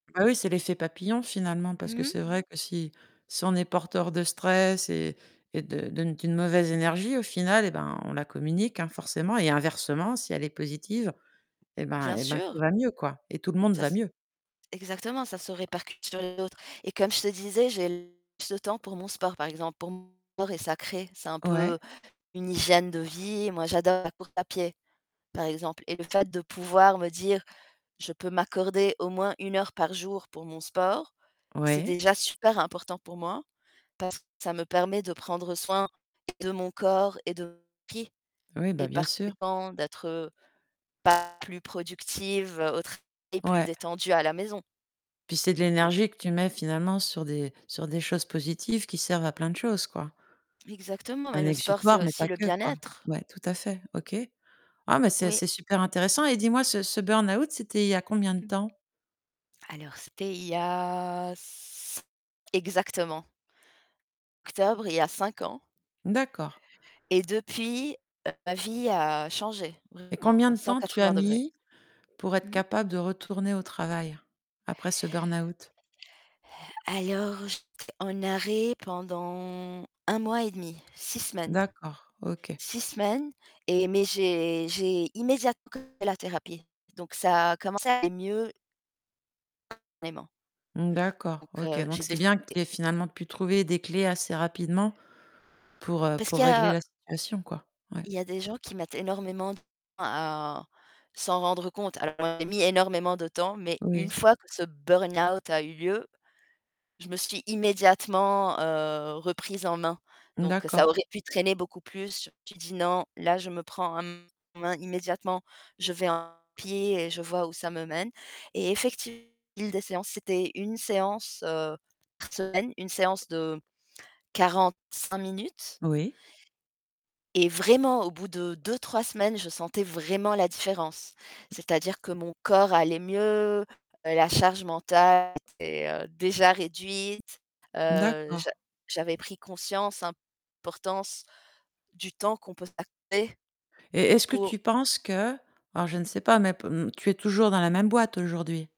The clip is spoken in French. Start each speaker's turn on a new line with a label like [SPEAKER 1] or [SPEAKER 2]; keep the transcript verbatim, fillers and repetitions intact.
[SPEAKER 1] Ben oui, c'est l'effet papillon finalement parce que
[SPEAKER 2] Mmh mh.
[SPEAKER 1] c'est vrai que si si on est porteur de stress et et de de d'une mauvaise énergie au final et ben on la communique hein forcément et inversement, si elle est positive et ben
[SPEAKER 2] Bien
[SPEAKER 1] et ben tout
[SPEAKER 2] sûr.
[SPEAKER 1] va mieux quoi et tout le monde
[SPEAKER 2] Ça
[SPEAKER 1] va
[SPEAKER 2] s
[SPEAKER 1] mieux.
[SPEAKER 2] exactement, ça se répercute sur d'autres et comme je te disais, j'ai plus le temps pour mon sport par exemple, pour mon et sacrée, c'est un
[SPEAKER 1] Ouais.
[SPEAKER 2] peu une hygiène de vie. Moi, j'adore la course à pied, par exemple et le fait de pouvoir me dire je peux m'accorder au moins une heure par jour pour mon sport, c'est
[SPEAKER 1] Ouais.
[SPEAKER 2] déjà super important pour moi, parce que ça me permet de prendre soin de mon corps et de mon [unintelligible]
[SPEAKER 1] Oui, bah,
[SPEAKER 2] et
[SPEAKER 1] bien
[SPEAKER 2] par
[SPEAKER 1] sûr.
[SPEAKER 2] conséquent d'être pas plus productive au travail et plus
[SPEAKER 1] Ouais.
[SPEAKER 2] détendue à la maison.
[SPEAKER 1] Puis c'est de
[SPEAKER 2] Bon.
[SPEAKER 1] l'énergie que tu mets finalement sur des sur des choses positives qui servent à plein de choses, quoi.
[SPEAKER 2] Exactement, mais
[SPEAKER 1] Un
[SPEAKER 2] le sport, c'est
[SPEAKER 1] exutoire, mais pas
[SPEAKER 2] aussi le
[SPEAKER 1] que quoi.
[SPEAKER 2] bien-être.
[SPEAKER 1] Ouais, tout à fait, OK. Ah mais c'est
[SPEAKER 2] Oui.
[SPEAKER 1] c'est super intéressant et dis-moi ce ce burn-out, c'était il y a combien de
[SPEAKER 2] Mmh.
[SPEAKER 1] temps?
[SPEAKER 2] Alors c'était il y a c exactement. Octobre, il y a cinq ans
[SPEAKER 1] D'accord.
[SPEAKER 2] et depuis, heu, ma vie a changé,
[SPEAKER 1] Et
[SPEAKER 2] vraiment
[SPEAKER 1] combien
[SPEAKER 2] à
[SPEAKER 1] de
[SPEAKER 2] cent
[SPEAKER 1] temps tu as
[SPEAKER 2] quatre-vingts degrés.
[SPEAKER 1] mis pour être
[SPEAKER 2] Mmh mh.
[SPEAKER 1] capable de retourner au travail après ce burn-out?
[SPEAKER 2] Alors, j'étais en arrêt pendant un un mois et demi, six semaines.
[SPEAKER 1] D'accord, OK.
[SPEAKER 2] six semaines et mais j'ai j'ai immédiatement [unintelligible] la thérapie, donc ça a commencé à aller mieux. [unintelligible] Vraiment.
[SPEAKER 1] D'accord,
[SPEAKER 2] Donc
[SPEAKER 1] OK
[SPEAKER 2] heu,
[SPEAKER 1] donc
[SPEAKER 2] j'ai
[SPEAKER 1] c'est
[SPEAKER 2] décidé
[SPEAKER 1] bien que tu aies finalement pu trouver des clés assez rapidement pour, heu,
[SPEAKER 2] Parce
[SPEAKER 1] pour
[SPEAKER 2] qu'il y
[SPEAKER 1] régler
[SPEAKER 2] a
[SPEAKER 1] la situation quoi, ouais.
[SPEAKER 2] il y a des gens qui mettent énormément de temps à s'en rendre compte. Alors j'ai mis énormément de temps, mais une
[SPEAKER 1] Oui.
[SPEAKER 2] fois que ce burn-out a eu lieu. Je me suis immédiatement, heu, reprise en main donc ça
[SPEAKER 1] D'accord.
[SPEAKER 2] aurait pu traîner beaucoup plus. J'ai dit: «Non, là, je me prends en main immédiatement. Je vais en pied et je vois où ça me mène». Et effectivement des séances, c'était une séance, heu, par semaine, une séance de quarante-cinq minutes
[SPEAKER 1] Oui.
[SPEAKER 2] et vraiment au bout de deux-trois semaines, je sentais vraiment la différence. C'est-à-dire que mon corps allait mieux, la charge mentale était heu, déjà réduite. Heu, j'a
[SPEAKER 1] D'accord.
[SPEAKER 2] j'avais pris conscience importance du temps qu'on peut s'accorder
[SPEAKER 1] Et est-ce que
[SPEAKER 2] pour
[SPEAKER 1] tu penses que alors je ne sais pas, mais tu es toujours dans la même boîte aujourd'hui?